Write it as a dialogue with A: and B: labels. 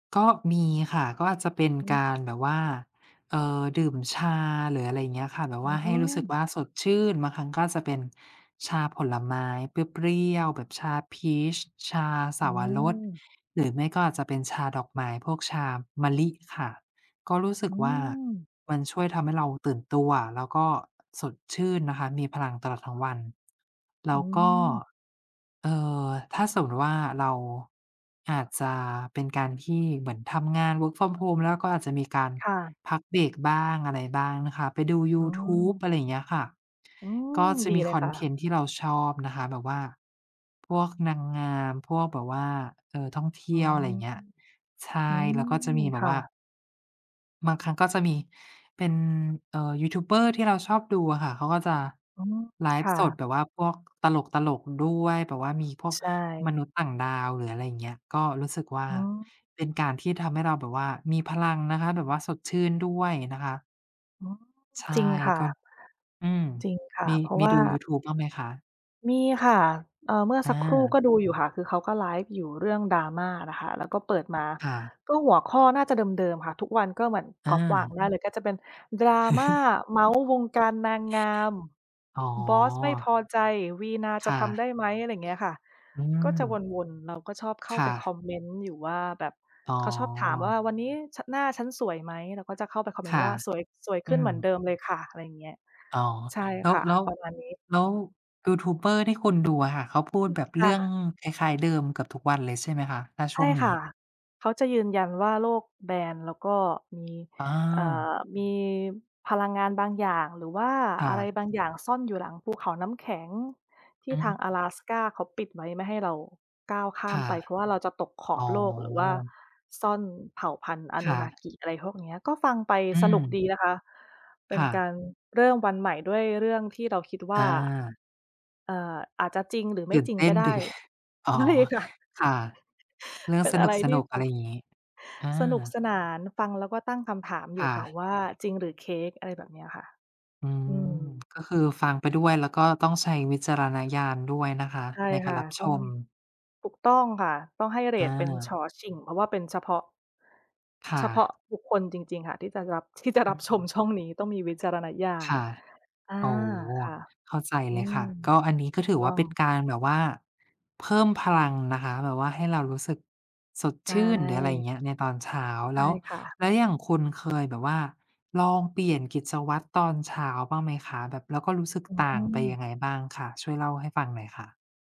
A: ก็มีค่ะ ก็อาจจะเป็น
B: อื
A: ก
B: ม
A: าร แบบว่า เอ่อ ดื่มชา หรืออะไรอย่างเงี้ยค่ะ แบบ
B: อื
A: ว่าให้รู้สึก
B: ม
A: ว่าสดชื่น บางครั้งก็อาจจะเป็น ชาผลไม้เปรี้ยว ๆ แบบชาพีช ชาเส
B: อ
A: า
B: ื
A: วรส
B: ม
A: หรือไม่ก็อาจจะเป็นชาดอกไม้ พวกชามะลิค่ะ ก็รู้สึ
B: อ
A: ก
B: ื
A: ว่า
B: ม
A: มันช่วยทำให้เราตื่นตัวแล้วก็ สดชื่นนะคะ มีพลังตลอดทั้งวัน แล
B: อ
A: ้
B: ื
A: วก็
B: ม
A: เอ่อ ถ้าสมมุติว่า เราอาจจะเป็นการที่เหมือนทำงาน Work from Home แล้วเราก็อาจจะมีการ
B: ค่ะ
A: พักเบรก บ้างอะไรบ้างนะคะ ไปดูย
B: อื
A: ูทูบ
B: ม
A: อะไรอย่างเงี้ยค่ะ
B: อื
A: ก
B: ม
A: ็จะ
B: ดี
A: มี
B: เล
A: ค
B: ย
A: อ
B: ค
A: น
B: ่
A: เท
B: ะ
A: นต์ที่เราชอบนะคะ แบบว่า พวกนางงาม พวกแบบว่า เอ่อ ท่องเท
B: อ๋
A: ี
B: อ
A: ่ยว อะไรอย่างเงี้ย ใช
B: อื
A: ่ แล้วก็จะ
B: ม
A: มีแบ
B: ค
A: บ
B: ่
A: ว่า
B: ะ
A: บางครั้งก็จะมีเป็น เอ่อ ยูทูบเบอร์ที่เราชอบดูอะค่ะเขาก็จะ
B: อ๋อ
A: ไล
B: ค
A: ฟ์
B: ่
A: ส
B: ะ
A: ดแบบว่าพวก ตลก ๆ ด้วย แบบว่ามีพวก
B: ใช
A: มน
B: ่
A: ุษย์ต่างดาว หรืออะไรอย่างเงี้ย ก็รู้สึกว่า
B: อ๋อ
A: เป็นการที่ทำให้เราแบบว่ามีพลังนะคะ แบบว่าสดชื่นด้วยนะคะ
B: อ๋อ
A: ใช่
B: จริงค่
A: ก็
B: ะ
A: อืม
B: จริงค่ะ
A: มี
B: เพราะ
A: มี
B: ว่า
A: ดูยูทูบบ้างไหมคะ?
B: มีค่ะ เอ่อ เมื่อ
A: อ
B: สักครู่
A: า
B: ก็ดู อยู่ค่ะ คือเขาก็ไลฟ์อยู่เรื่อง Drama น่ะค่ะ เราก็เปิดมา
A: ค่ะ
B: ก็หัวข้อน่าจะเดิม ๆ ค่ะ ทุกวันก็เหมือน
A: อ
B: ก๊อปวาง
A: า
B: ได้เลย ก็จะเป็น "Drama เมาท์ วงการนางงาม
A: อ๋
B: บอสไม่พ
A: อ
B: อใจ วีณาจ
A: ค
B: ะ
A: ่
B: ทำไ
A: ะ
B: ด้ไหม?" อะไรอย่างเงี้ยค่ะ
A: อื
B: ก็จะ
A: ม
B: วน ๆ เราก็ชอบเข้า
A: ค
B: ไ
A: ่
B: ปคอ
A: ะ
B: มเมนต์ อยู่ว่า แบบ
A: อ๋อ
B: เขาชอบถามว่า "วันนี้ ฉ หน้าฉันสวยไหม?" เราก็จะเข้าไปคอมเม
A: ค
B: นต
A: ่
B: ์ว
A: ะ
B: ่า "สวย สวยข
A: อื
B: ึ้นเหมือนเ
A: ม
B: ดิมเลยค่ะ" อะไรอย่างเงี้ย
A: อ๋อ
B: ใช่
A: แล้
B: ค
A: ว
B: ่ะ
A: แล้ว
B: ประมาณนี้
A: แล้วยูทูบเบอร์ที่คุณ ดูอะค่ะ เขาพู
B: อ
A: ด
B: ืม
A: แบบ
B: ค
A: เร
B: ่
A: ื่อง
B: ะ
A: คล้าย ๆ เดิมเกือบทุกวันเลย ใช่ไหมคะ? ถ้า
B: ใช
A: ช่
B: ่
A: วงนี
B: ค่ะ
A: ้
B: เขาจะยืนยันว่าโลกแบน แล้วก็ มี
A: อ
B: เอ่
A: า
B: อ มีพลังงานบางอย่าง หรือว่า
A: ค่
B: อะไร
A: ะ
B: บางอย่างซ่อนอยู่หลัง ภูเขาน้ำแข็ง ที
A: อ
B: ่
A: ืม
B: ทางอะ
A: ฮ
B: แลสกาเขาปิดไว้ไม่ให้เราก้าวข้า
A: ค
B: ม
A: ่ะ
B: ไป เพราะว่าเราจะตกข
A: อ
B: อ
A: ๋
B: บโลก หรือว่า
A: อ
B: ซ่อนเผ่าพันธุ์
A: ค่ะ
B: Anunnaki อะไรพวกเนี้ย ก็ฟังไป
A: อื
B: สนุก ด
A: ม
B: ีนะคะ เป็
A: ค
B: น
A: ่
B: กา
A: ะ
B: รเริ่มวันใหม่ด้วยเรื่องที่เราคิดว่
A: อ
B: า
A: า
B: เอ่อ อาจจะจริงหรือไม
A: ต
B: ่
A: ื่น
B: จริ
A: เ
B: ง
A: ต
B: ก
A: ้
B: ็
A: น
B: ได
A: ดี
B: ้ค่
A: อ๋
B: ะ
A: อ
B: ใช่ค่ะ
A: ค่ะ เรื่อ
B: เ
A: ง
B: ป็น
A: ส
B: อะ
A: น
B: ไร ที่
A: ุก
B: แ
A: ๆ
B: บ
A: อะไร
B: บ
A: อย่างงี้ อ
B: สนุก
A: า
B: สนาน ฟังแล้วก็ตั้งคำถามอ
A: ค
B: ยู
A: ่
B: ่ค่ะ
A: ะ
B: ว่า "จริงหรือเค้ก?" อะไร แบบเนี้ยค่ะ
A: อื
B: อ
A: ม
B: ืม
A: ก็คือฟังไปด้วย แล้วก็ต้องใช้วิจารณญาณ ด้วยนะคะ
B: ใช่
A: ในก
B: ค
A: าร
B: ่ะ
A: รับ
B: ต
A: ช
B: ้อง
A: ม
B: ถูกต้องค่ะ ต้องให้เร
A: อ
B: ตเป็น ฉ.
A: า
B: ฉิ่ง เพราะว่าเป็นเฉพาะ
A: ค่
B: เฉพาะ
A: ะ
B: บุคคลจริง ๆ ค่ะที่จะรับ ที่จะ
A: อ
B: ร
A: ื
B: ับช
A: อ
B: มช่องนี้ ต้องมีวิจารณญา
A: ค
B: ณ
A: ่ะ
B: อา
A: โอ้
B: ค่ะ
A: เข้าใจ
B: อ
A: เ
B: ื
A: ลยค
B: ม
A: ่ะ ก็อันนี้
B: ถ
A: ก็
B: ูก
A: ถือ
B: ต
A: ว
B: ้
A: ่
B: อ
A: าเป็น
B: ง
A: การแบบว่าเพิ่มพลังนะคะ แบบว่าให้เรารู้สึกสด
B: ใช
A: ชื่น หรืออะไรอย่างเ
B: ่
A: งี้ย ในตอนเช้า
B: ใช
A: แล
B: ่
A: ้ว
B: ค่ะ
A: แล้วอย่างคุณ เคยแบบว่าลองเปลี่ยนกิจวัตรตอนเช้าบ้างไหมคะ? แบบ แล้วก็รู้สึก
B: อื
A: ต่างไป
B: ม
A: ยังไงบ้างคะ? ช่วยเล่าให้ฟังหน่อยค่ะ